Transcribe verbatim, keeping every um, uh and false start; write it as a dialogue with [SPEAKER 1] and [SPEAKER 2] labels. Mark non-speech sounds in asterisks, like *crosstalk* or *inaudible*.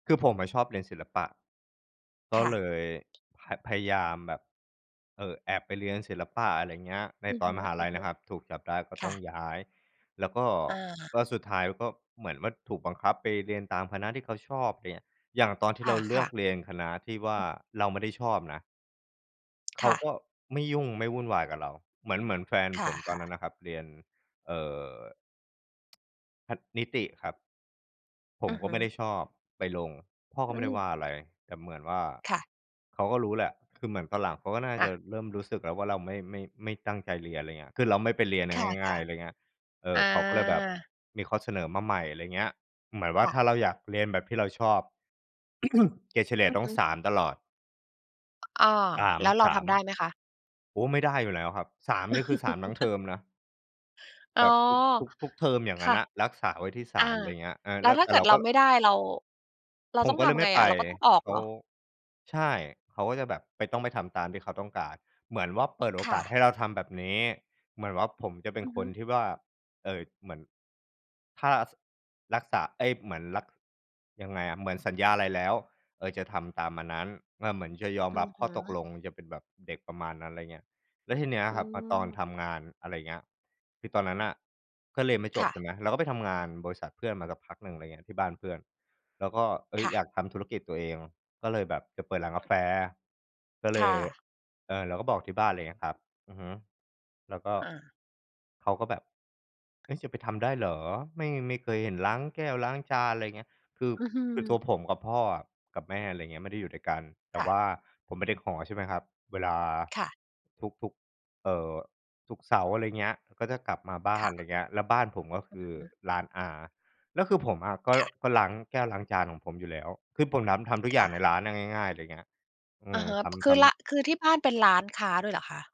[SPEAKER 1] คือผมอะชอบเรียนศิลปะ ก
[SPEAKER 2] ค
[SPEAKER 1] ็
[SPEAKER 2] ่
[SPEAKER 1] เล
[SPEAKER 2] ะ
[SPEAKER 1] ย พ พยายามแบบ เออ แอบไปเรียนศิลปะ อะไรอย่างเงี้ย ใน
[SPEAKER 2] อือ
[SPEAKER 1] ตอ
[SPEAKER 2] ฮ
[SPEAKER 1] น
[SPEAKER 2] ึ
[SPEAKER 1] มหาลัยนะครับ ถูกจับได้ก็
[SPEAKER 2] ๆ ค
[SPEAKER 1] ต
[SPEAKER 2] ่
[SPEAKER 1] ้อ
[SPEAKER 2] ะ
[SPEAKER 1] งย้าย แล้วก็
[SPEAKER 2] อา
[SPEAKER 1] ก็สุดท้ายก็ เหมือนว่าถูกบังคับไปเรียนตามคณะที่เขาชอบ อย่างเงี้ย อย่างตอนที่
[SPEAKER 2] ค
[SPEAKER 1] เราเลื
[SPEAKER 2] ่
[SPEAKER 1] อ
[SPEAKER 2] ะ
[SPEAKER 1] ก
[SPEAKER 2] ๆ
[SPEAKER 1] เรียนคณะที่ว่
[SPEAKER 2] อ
[SPEAKER 1] า
[SPEAKER 2] ืม
[SPEAKER 1] เราไม่ได้ชอบนะ เข
[SPEAKER 2] ค
[SPEAKER 1] า
[SPEAKER 2] ่ะ
[SPEAKER 1] ก็ไม่ยุ่งไม่วุ่นวายกับเรา เหมือน เหมือนแฟน
[SPEAKER 2] ค
[SPEAKER 1] ผมตอ
[SPEAKER 2] ่
[SPEAKER 1] น
[SPEAKER 2] ะ
[SPEAKER 1] นั้
[SPEAKER 2] ๆ
[SPEAKER 1] นน่ะครับเรียน เอ่อ พัด นิติครับ ผ
[SPEAKER 2] อ
[SPEAKER 1] ม
[SPEAKER 2] ือ
[SPEAKER 1] ก
[SPEAKER 2] ฮ
[SPEAKER 1] ็
[SPEAKER 2] ึ
[SPEAKER 1] ไม่ได้ชอบ ไปลง พ่อ
[SPEAKER 2] อ
[SPEAKER 1] ก
[SPEAKER 2] ื
[SPEAKER 1] ็ไม่ได้ว
[SPEAKER 2] ม
[SPEAKER 1] ่าอะไร แต่เหมือนว่า
[SPEAKER 2] ค่ะ
[SPEAKER 1] เขาก็รู้แหละ คือเหมือนตอนหลังเขาก็น่า
[SPEAKER 2] ค่
[SPEAKER 1] จะ
[SPEAKER 2] ะ
[SPEAKER 1] เริ่มรู้สึกแล้วว่าเราไม่ ไม่ ไม่ตั้งใจเรียน อะไรเงี้ย คือเราไม่ไปเรียนอ
[SPEAKER 2] ค
[SPEAKER 1] ะ
[SPEAKER 2] ่
[SPEAKER 1] ง่า
[SPEAKER 2] ะ
[SPEAKER 1] ย ๆ อะไรเงี้ย เอ
[SPEAKER 2] ๆ อ
[SPEAKER 1] อ เขาก็เลยแบบ
[SPEAKER 2] า
[SPEAKER 1] มีข้อเสนอมาใหม่ อะไรอย่างเงี้ย เหมือนว่
[SPEAKER 2] ค
[SPEAKER 1] า
[SPEAKER 2] ่
[SPEAKER 1] ถ้
[SPEAKER 2] ะ
[SPEAKER 1] าเราอยากเรียนแบบที่เราชอบ *clears throat* เกรดเฉลี่ย
[SPEAKER 2] อือ
[SPEAKER 1] ต้
[SPEAKER 2] ฮ
[SPEAKER 1] อง
[SPEAKER 2] ึ
[SPEAKER 1] สาม ตลอด
[SPEAKER 2] อ้อ
[SPEAKER 1] สาม
[SPEAKER 2] แล้วเรา
[SPEAKER 1] ส
[SPEAKER 2] ท
[SPEAKER 1] าม
[SPEAKER 2] ำได้ไหมคะ?
[SPEAKER 1] โอ้ ไม่ได้อยู่แล้วครับ สาม นี่คือ สาม ทั้งเท
[SPEAKER 2] *laughs*
[SPEAKER 1] อมนะ
[SPEAKER 2] อ๋
[SPEAKER 1] แ
[SPEAKER 2] อ
[SPEAKER 1] บบทุก ทุก ทุกเทอม อย่าง
[SPEAKER 2] ค
[SPEAKER 1] งั้
[SPEAKER 2] ่
[SPEAKER 1] น
[SPEAKER 2] ะ
[SPEAKER 1] อะ รักษาไว้ที่ สา
[SPEAKER 2] อา
[SPEAKER 1] ม อะไรอย่างเงี้ย อา
[SPEAKER 2] แล้
[SPEAKER 1] แล
[SPEAKER 2] ว
[SPEAKER 1] ะ
[SPEAKER 2] ถ้
[SPEAKER 1] แ
[SPEAKER 2] า
[SPEAKER 1] ต
[SPEAKER 2] เ
[SPEAKER 1] ่
[SPEAKER 2] กิ
[SPEAKER 1] เ
[SPEAKER 2] ด
[SPEAKER 1] รา
[SPEAKER 2] เร
[SPEAKER 1] ก
[SPEAKER 2] า
[SPEAKER 1] ็
[SPEAKER 2] ไม่ได้ เรา เรา
[SPEAKER 1] ผ
[SPEAKER 2] ต
[SPEAKER 1] ม
[SPEAKER 2] ้อง
[SPEAKER 1] ก็
[SPEAKER 2] ท
[SPEAKER 1] เลย
[SPEAKER 2] ำ
[SPEAKER 1] ไ
[SPEAKER 2] ไ
[SPEAKER 1] ม
[SPEAKER 2] ง
[SPEAKER 1] ่ไ
[SPEAKER 2] อ
[SPEAKER 1] ป
[SPEAKER 2] ะ เราก็ต้องออก
[SPEAKER 1] เข
[SPEAKER 2] เห
[SPEAKER 1] า
[SPEAKER 2] รอ?
[SPEAKER 1] ใช่ เขาก็จะแบบ ไป ต้องไปทำตามที่เขาต้องการ เหมือนว่าเปิดโอ
[SPEAKER 2] ค่
[SPEAKER 1] กาส
[SPEAKER 2] ะ
[SPEAKER 1] ให้เราทำแบบนี้ เหมือนว่าผมจะเป็
[SPEAKER 2] อ
[SPEAKER 1] น
[SPEAKER 2] ือ
[SPEAKER 1] ค
[SPEAKER 2] ฮึ
[SPEAKER 1] นที่ว่า เอ่อ เหมือน ถ้า ส รักษา เอ๊ย เหมือน รัก ยังไงอะ เหมือนสัญญาอะไรแล้ว เออ จะทำตามอันนั้น เออ เหมือนจะยอม
[SPEAKER 2] อื
[SPEAKER 1] รั
[SPEAKER 2] อ
[SPEAKER 1] บ
[SPEAKER 2] ฮ
[SPEAKER 1] ข้อตก
[SPEAKER 2] ึ
[SPEAKER 1] ลง จะเป็นแบบเด็กประมาณนั้น อะไรเงี้ย แล้วทีเนี้ย
[SPEAKER 2] อื
[SPEAKER 1] ครับ มาตอน
[SPEAKER 2] ม
[SPEAKER 1] ทำงาน อะไรอย่างเงี้ย คือตอนนั้นน่ะก็เรียนไม่จ
[SPEAKER 2] ค่
[SPEAKER 1] บใช่
[SPEAKER 2] ะ
[SPEAKER 1] ไหม เราก็ไปทำงานบริษัทเพื่อนมาสักพักหนึ่ง อะไรเงี้ย ที่บ้านเพื่อน แล้วก็ เอ๊
[SPEAKER 2] ค
[SPEAKER 1] ย
[SPEAKER 2] ่
[SPEAKER 1] อย
[SPEAKER 2] ะ
[SPEAKER 1] ากทำธุรกิจตัวเอง ก็เลยแบบจะเปิดร้านก
[SPEAKER 2] อ
[SPEAKER 1] าแ
[SPEAKER 2] ือ
[SPEAKER 1] ฟ ก็เ
[SPEAKER 2] ค
[SPEAKER 1] ล
[SPEAKER 2] ่
[SPEAKER 1] ย
[SPEAKER 2] ะ
[SPEAKER 1] เออ เราก็บอกที่บ้าน อะไรเงี้ยครับ อือฮึ แล้วก็
[SPEAKER 2] อา
[SPEAKER 1] เขาก็แบบ "เฮ้ย จะไปทำได้เหรอ? ไม่ ไม่เคยเห็นล้างแก้วล้างจาน" อะไรเงี้ย คือ
[SPEAKER 2] อือฮึ
[SPEAKER 1] คือตัวผมกับพ่ออะกับแม่ อะไรเงี้ย ไม่ได้อยู่ด้วยกัน แต
[SPEAKER 2] ค
[SPEAKER 1] ่
[SPEAKER 2] ่
[SPEAKER 1] ว
[SPEAKER 2] ะ
[SPEAKER 1] ่าผมเป็นเด็กหอใช่ไหมครับ เวลา
[SPEAKER 2] ค่ะ
[SPEAKER 1] ทุก ๆ เอ่อ ทุกเสาร์ อะไรเงี้ย ก็จะกลับมาบ้า
[SPEAKER 2] ค
[SPEAKER 1] น
[SPEAKER 2] ่
[SPEAKER 1] อะไ
[SPEAKER 2] ะ
[SPEAKER 1] รเงี้ย แล้วบ้านผมก็ค
[SPEAKER 2] อือ
[SPEAKER 1] ือ
[SPEAKER 2] ฮึ
[SPEAKER 1] ร้านอา แล้วคือผมอะก็
[SPEAKER 2] ค่ะ
[SPEAKER 1] ก็ล้างแก้วล้างจานของผมอยู่แล้ว คือผมทำ ทำทุก
[SPEAKER 2] ค
[SPEAKER 1] อย่
[SPEAKER 2] ่
[SPEAKER 1] างใน
[SPEAKER 2] ะ
[SPEAKER 1] ร้านอะ ง่าย ๆ อะไรเงี้ย อื
[SPEAKER 2] อะ
[SPEAKER 1] ม
[SPEAKER 2] ฮะ
[SPEAKER 1] ท
[SPEAKER 2] ค
[SPEAKER 1] ำ ท
[SPEAKER 2] ือ ล
[SPEAKER 1] ำ
[SPEAKER 2] คือที่บ้านเป็นร้านค้าด้วยเหรอคะ?